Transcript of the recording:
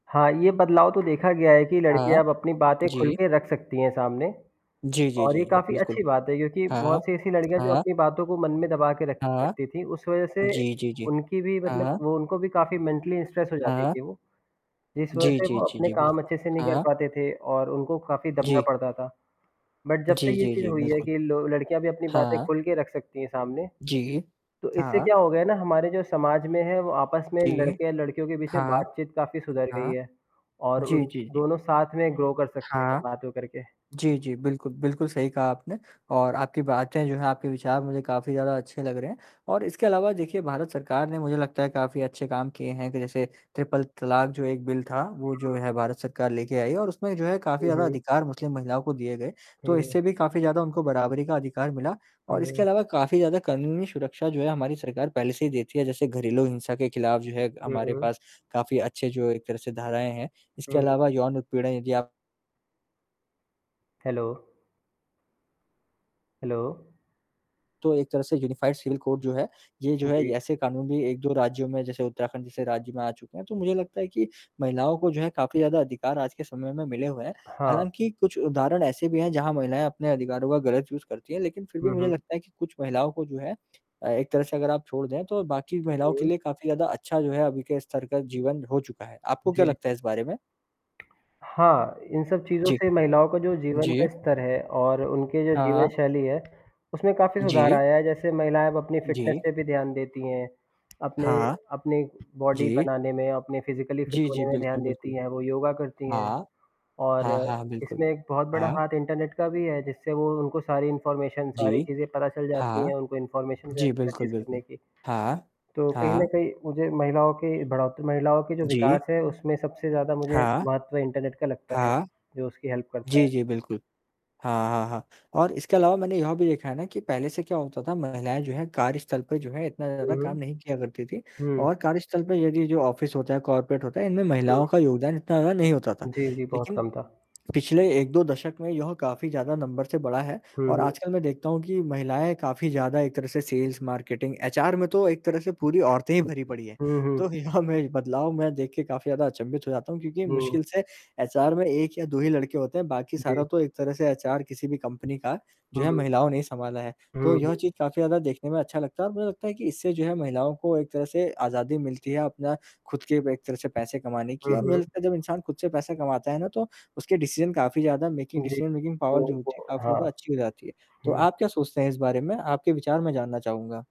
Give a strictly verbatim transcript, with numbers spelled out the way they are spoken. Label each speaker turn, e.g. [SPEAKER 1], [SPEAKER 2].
[SPEAKER 1] हाँ, ये बदलाव तो देखा गया है कि
[SPEAKER 2] हाँ।
[SPEAKER 1] लड़कियाँ अब अपनी बातें खुल
[SPEAKER 2] जी।
[SPEAKER 1] के रख सकती हैं सामने
[SPEAKER 2] जी, जी,
[SPEAKER 1] और
[SPEAKER 2] जी,
[SPEAKER 1] ये
[SPEAKER 2] जी।
[SPEAKER 1] काफ़ी
[SPEAKER 2] बिल्कुल।
[SPEAKER 1] अच्छी बात है, क्योंकि
[SPEAKER 2] हाँ।
[SPEAKER 1] बहुत से ऐसी लड़कियाँ जो
[SPEAKER 2] हाँ।
[SPEAKER 1] अपनी बातों को मन में दबा के रखे
[SPEAKER 2] हाँ।
[SPEAKER 1] रखती थीं, उस वजह से
[SPEAKER 2] जी, जी, जी।
[SPEAKER 1] उनकी भी मतलब
[SPEAKER 2] हाँ।
[SPEAKER 1] वो उनको भी काफ़ी मेंटली स्ट्रेस हो जाती
[SPEAKER 2] हाँ।
[SPEAKER 1] थीं वो, जिस वजह
[SPEAKER 2] जी,
[SPEAKER 1] से
[SPEAKER 2] जी,
[SPEAKER 1] वो
[SPEAKER 2] जी,
[SPEAKER 1] अपने
[SPEAKER 2] जी,
[SPEAKER 1] काम अच्छे से
[SPEAKER 2] बिल्कुल।
[SPEAKER 1] नहीं कर
[SPEAKER 2] हाँ।
[SPEAKER 1] पाते थे, और उनको काफ़ी दबना
[SPEAKER 2] जी।
[SPEAKER 1] पड़ता था। बट जब
[SPEAKER 2] जी,
[SPEAKER 1] से ये
[SPEAKER 2] जी,
[SPEAKER 1] चीज़
[SPEAKER 2] जी।
[SPEAKER 1] हुई है
[SPEAKER 2] बिल्कुल।
[SPEAKER 1] कि लो लड़कियाँ अपनी बातें
[SPEAKER 2] हाँ।
[SPEAKER 1] खुल के रख सकती हैं सामने,
[SPEAKER 2] जी।
[SPEAKER 1] तो इससे
[SPEAKER 2] हाँ।
[SPEAKER 1] क्या हो गया है ना हमारे जो समाज में है वो आपस में
[SPEAKER 2] जी।
[SPEAKER 1] लड़के और लड़कियों के बीच में
[SPEAKER 2] हाँ।
[SPEAKER 1] बातचीत काफ़ी सुधर गई
[SPEAKER 2] हाँ।
[SPEAKER 1] है और उन
[SPEAKER 2] जी, जी, जी।
[SPEAKER 1] दोनों साथ में ग्रो कर सकते हैं
[SPEAKER 2] हाँ।
[SPEAKER 1] बात तो करके।
[SPEAKER 2] जी, जी। बिल्कुल, बिल्कुल सही कहा आपने और आपकी बातें जो हैं, आपके विचार मुझे काफ़ी ज़्यादा अच्छे लग रहे हैं और इसके अलावा देखिए, भारत सरकार ने मुझे लगता है काफ़ी अच्छे काम किए हैं कि जैसे ट्रिपल तलाक़, जो एक बिल था, वो जो
[SPEAKER 1] हुँ।
[SPEAKER 2] है भारत सरकार लेके आई और उसमें जो है काफ़ी
[SPEAKER 1] हुँ,
[SPEAKER 2] ज़्यादा
[SPEAKER 1] हुँ।
[SPEAKER 2] अधिकार मुस्लिम महिलाओं को दिए गए। तो इससे
[SPEAKER 1] हुँ।
[SPEAKER 2] भी काफ़ी ज़्यादा उनको बराबरी का अधिकार मिला और इसके
[SPEAKER 1] हाँ।
[SPEAKER 2] अलावा काफ़ी ज़्यादा कानूनी सुरक्षा जो है हमारी सरकार पहले से ही देती है, जैसे घरेलू हिंसा के ख़िलाफ़ जो है
[SPEAKER 1] हुँ,
[SPEAKER 2] हमारे
[SPEAKER 1] हुँ।
[SPEAKER 2] पास काफ़ी अच्छे जो एक तरह से धाराएँ हैं, इसके
[SPEAKER 1] हुँ।
[SPEAKER 2] अलावा यौन उत्पीड़न यदि आप
[SPEAKER 1] हेलो। हेलो।
[SPEAKER 2] तो एक तरह से यूनिफाइड जो है। ये जो है ये
[SPEAKER 1] जी।
[SPEAKER 2] ऐसे कानून भी एक दो राज्यों में जैसे उत्तराखंड जैसे राज्य में आ चुके हैं। तो मुझे लगता है कि महिलाओं को जो है काफ़ी ज़्यादा अधिकार आज के समय में मिले हुए हैं।
[SPEAKER 1] हाँ।
[SPEAKER 2] हालाँकि कुछ उदाहरण ऐसे भी हैं, जहाँ महिलाएँ अपने अधिकारों का गलत यूज़ करती हैं लेकिन फिर भी
[SPEAKER 1] हुँ,
[SPEAKER 2] मुझे
[SPEAKER 1] हुँ।
[SPEAKER 2] लगता है कि कुछ महिलाओं को जो है अ, एक तरह से अगर आप छोड़ दें, तो बाकी महिलाओं के
[SPEAKER 1] हुँ।
[SPEAKER 2] लिए काफ़ी ज़्यादा अच्छा जो है अभी के स्तर का जीवन हो चुका है। आपको क्या
[SPEAKER 1] जी।
[SPEAKER 2] लगता है इस बारे में?
[SPEAKER 1] हाँ, इन सब चीज़ों
[SPEAKER 2] जी।
[SPEAKER 1] से महिलाओं का जो जीवन
[SPEAKER 2] जी।
[SPEAKER 1] का स्तर है और उनके जो
[SPEAKER 2] हाँ, हाँ।
[SPEAKER 1] जीवनशैली है, उसमें काफ़ी सुधार
[SPEAKER 2] जी।
[SPEAKER 1] आया है जैसे महिलाएँ अब अपनी फिटनेस
[SPEAKER 2] जी।
[SPEAKER 1] पे भी ध्यान देती हैं, अपने
[SPEAKER 2] हाँ।
[SPEAKER 1] अपने बॉडी
[SPEAKER 2] जी।
[SPEAKER 1] बनाने में, अपने फिजिकली फिट
[SPEAKER 2] जी, जी।
[SPEAKER 1] होने में
[SPEAKER 2] बिल्कुल,
[SPEAKER 1] ध्यान देती
[SPEAKER 2] बिल्कुल।
[SPEAKER 1] हैं, वो योगा करती हैं।
[SPEAKER 2] हाँ।
[SPEAKER 1] और
[SPEAKER 2] हाँ, हाँ, बिल्कुल।
[SPEAKER 1] इसमें एक बहुत बड़ा
[SPEAKER 2] हाँ।
[SPEAKER 1] हाथ इंटरनेट का भी है जिससे वो उनको सारी इन्फॉर्मेशन, सारी
[SPEAKER 2] जी।
[SPEAKER 1] चीज़ें पता चल जाती
[SPEAKER 2] हाँ।
[SPEAKER 1] हैं, उनको इन्फॉर्मेशन भी
[SPEAKER 2] जी,
[SPEAKER 1] [unintelligible]
[SPEAKER 2] बिल्कुल,
[SPEAKER 1] चीज़ करने
[SPEAKER 2] बिल्कुल।
[SPEAKER 1] की।
[SPEAKER 2] हाँ।
[SPEAKER 1] तो कहीं न
[SPEAKER 2] हाँ।
[SPEAKER 1] कहीं मुझे महिलाओं के बढ़ोत महिलाओं के जो
[SPEAKER 2] जी।
[SPEAKER 1] विकास है, उसमें सबसे ज़्यादा मुझे
[SPEAKER 2] हाँ।
[SPEAKER 1] महत्व इंटरनेट का लगता है,
[SPEAKER 2] हाँ।
[SPEAKER 1] जो उसकी हेल्प करता
[SPEAKER 2] जी,
[SPEAKER 1] है।
[SPEAKER 2] जी, बिल्कुल। हाँ, हाँ, हाँ। और इसके अलावा मैंने यह भी देखा है ना, कि पहले से क्या होता था महिलाएँ जो हैं कार्यस्थल पे जो है इतना
[SPEAKER 1] हुँ,
[SPEAKER 2] ज़्यादा
[SPEAKER 1] हुँ।
[SPEAKER 2] काम नहीं किया करती थी
[SPEAKER 1] हुँ।
[SPEAKER 2] और कार्यस्थल पे यदि जो ऑफ़िस होता है, कॉर्पोरेट होता है, इनमें
[SPEAKER 1] हुँ।
[SPEAKER 2] महिलाओं का योगदान इतना ज़्यादा नहीं होता था।
[SPEAKER 1] जी, जी। बहुत
[SPEAKER 2] लेकिन
[SPEAKER 1] कम था।
[SPEAKER 2] पिछले एक दो दशक में यह काफ़ी ज़्यादा नंबर से बढ़ा है,
[SPEAKER 1] हुँ,
[SPEAKER 2] और
[SPEAKER 1] हुँ।
[SPEAKER 2] आजकल मैं देखता हूँ कि, महिलाएँ काफ़ी ज़्यादा एक तरह से सेल्स-मार्केटिंग एचआर में तो एक तरह से पूरी औरतें ही भरी पड़ी हैं।
[SPEAKER 1] हुँ,
[SPEAKER 2] तो
[SPEAKER 1] हुँ।
[SPEAKER 2] यहाँ में बदलाव मैं देख के काफ़ी ज़्यादा अचंभित हो जाता हूँ, क्योंकि
[SPEAKER 1] हुँ।
[SPEAKER 2] मुश्किल से एचआर में एक या दो ही लड़के होते हैं, बाकी
[SPEAKER 1] जी।
[SPEAKER 2] सारा तो एक तरह से एचआर किसी भी कंपनी का जो है,
[SPEAKER 1] हुँ।
[SPEAKER 2] महिलाओं ने ही सँभाला है। तो
[SPEAKER 1] हुँ,
[SPEAKER 2] यह
[SPEAKER 1] हुँ।
[SPEAKER 2] चीज़ काफ़ी ज़्यादा देखने में अच्छा लगता है और मुझे लगता है कि इससे जो है महिलाओं को एक तरह से आज़ादी मिलती है अपना खुद के एक तरह से पैसे कमाने की
[SPEAKER 1] हुँ,
[SPEAKER 2] और मुझे
[SPEAKER 1] हुँ।
[SPEAKER 2] लगता है जब इंसान खुद से पैसे कमाता है ना, तो उसके डिसीज़न काफ़ी ज़्यादा मेकिंग
[SPEAKER 1] जी।
[SPEAKER 2] डिसीज़न, मेकिंग पावर जो होती है, काफ़ी ज़्यादा
[SPEAKER 1] हाँ।
[SPEAKER 2] अच्छी हो जाती है। तो
[SPEAKER 1] हुँ।
[SPEAKER 2] आप क्या सोचते हैं इस बारे में? आपके विचार मैं जानना चाहूँगा।